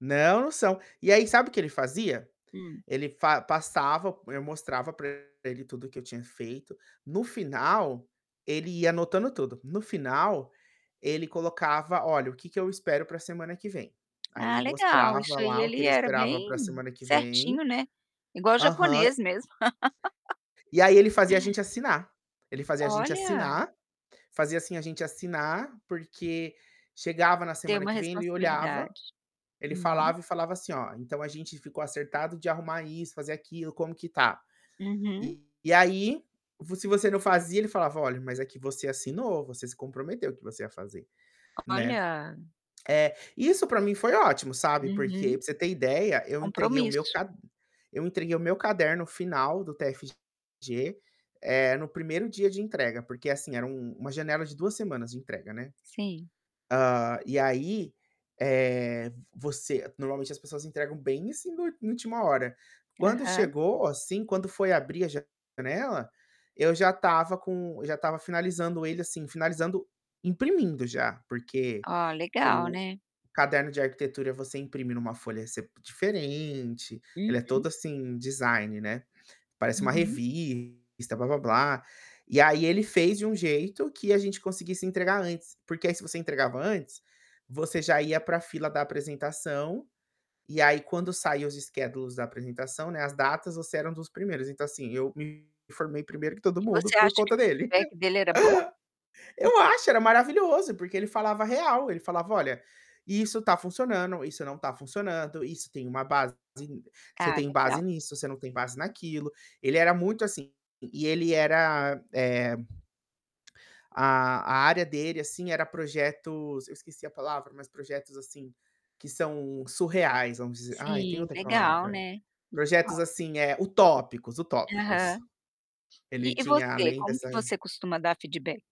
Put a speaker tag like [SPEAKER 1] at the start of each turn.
[SPEAKER 1] Não são. E aí, sabe o que ele fazia?
[SPEAKER 2] Hum.
[SPEAKER 1] Ele fa passava, eu mostrava para ele tudo o que eu tinha feito, no final, ele ia anotando tudo, no final, ele colocava: "Olha o que eu espero para a semana que vem". Aí,
[SPEAKER 2] Ah,
[SPEAKER 1] ele
[SPEAKER 2] legal
[SPEAKER 1] mostrava
[SPEAKER 2] isso aí,
[SPEAKER 1] lá o que
[SPEAKER 2] ele
[SPEAKER 1] ele
[SPEAKER 2] era
[SPEAKER 1] esperava para a
[SPEAKER 2] bem
[SPEAKER 1] semana que vem
[SPEAKER 2] certinho, né, igual
[SPEAKER 1] aham.
[SPEAKER 2] japonês mesmo.
[SPEAKER 1] E aí, ele fazia a gente assinar, ele fazia a gente
[SPEAKER 2] Olha!
[SPEAKER 1] assinar fazia, assim, a gente assinar, porque chegava na
[SPEAKER 2] Ter
[SPEAKER 1] semana
[SPEAKER 2] uma
[SPEAKER 1] que vem ele olhava,
[SPEAKER 2] responsabilidade.
[SPEAKER 1] ele
[SPEAKER 2] Uhum.
[SPEAKER 1] falava e falava assim: "Olha, então, a gente ficou acertado de arrumar isso, fazer aquilo, como que está?"
[SPEAKER 2] Uhum.
[SPEAKER 1] E aí, vo se você não fazia, ele falava: "Olha, mas aqui você assinou, você se comprometeu que você ia fazer.", né,
[SPEAKER 2] Olha.
[SPEAKER 1] eh, isso para mim foi ótimo, sabe, porque
[SPEAKER 2] Uhum,
[SPEAKER 1] para você ter ideia, eu entreguei o meu
[SPEAKER 2] Compromisso.
[SPEAKER 1] cad eu entreguei o meu caderno final do TFG, eh, no 1º dia de entrega porque, assim, era uma uma janela de 2 semanas de entrega, né.
[SPEAKER 2] Sim.
[SPEAKER 1] Hã. E aí, eh, você normalmente as pessoas entregam bem assim, no na última hora, quando
[SPEAKER 2] Aham.
[SPEAKER 1] chegou, assim, quando foi abrir a janela, eu já estava com eu já estava finalizando ele assim, finalizando, imprimindo já porque
[SPEAKER 2] Oh, legal,
[SPEAKER 1] o
[SPEAKER 2] né.
[SPEAKER 1] caderno de arquitetura você imprime em uma folha se diferente, ele é
[SPEAKER 2] Uhum.
[SPEAKER 1] todo assim, design, né, parece uma
[SPEAKER 2] Uhum.
[SPEAKER 1] revista, "blá-blá-blá". E aí, ele fez de um jeito que a gente conseguisse entregar antes, porque aí, se você entregava antes, você já ia para a fila da apresentação, e aí, quando saiu os schedules da apresentação, né, as datas, você era um dos primeiros, então, assim, eu me formei primeiro que todo
[SPEAKER 2] E
[SPEAKER 1] mundo
[SPEAKER 2] você
[SPEAKER 1] por
[SPEAKER 2] acha que
[SPEAKER 1] conta
[SPEAKER 2] o
[SPEAKER 1] dele.
[SPEAKER 2] feedback dele era bom? Hum.
[SPEAKER 1] Eu acho, era maravilhoso porque ele falava a real, ele falava: "Olha, isso está funcionando, isso não está funcionando, isso tem uma base, [unintelligible] você
[SPEAKER 2] Cara
[SPEAKER 1] tem base
[SPEAKER 2] legal.
[SPEAKER 1] nisso, você não tem base naquilo". Ele era muito assim, e ele era, eh A a área dele, assim, era projetos, eu esqueci a palavra, mas projetos assim, que são surreais, vamos dizer, aí tem
[SPEAKER 2] Sim,
[SPEAKER 1] outra
[SPEAKER 2] legal,
[SPEAKER 1] palavra.
[SPEAKER 2] né, legal
[SPEAKER 1] Projetos,
[SPEAKER 2] s
[SPEAKER 1] assim, eh, utópicos,
[SPEAKER 2] Aham.
[SPEAKER 1] utópicos.
[SPEAKER 2] E
[SPEAKER 1] Ele
[SPEAKER 2] e
[SPEAKER 1] tinha
[SPEAKER 2] você,
[SPEAKER 1] além
[SPEAKER 2] como
[SPEAKER 1] dessa
[SPEAKER 2] que você costuma dar feedback?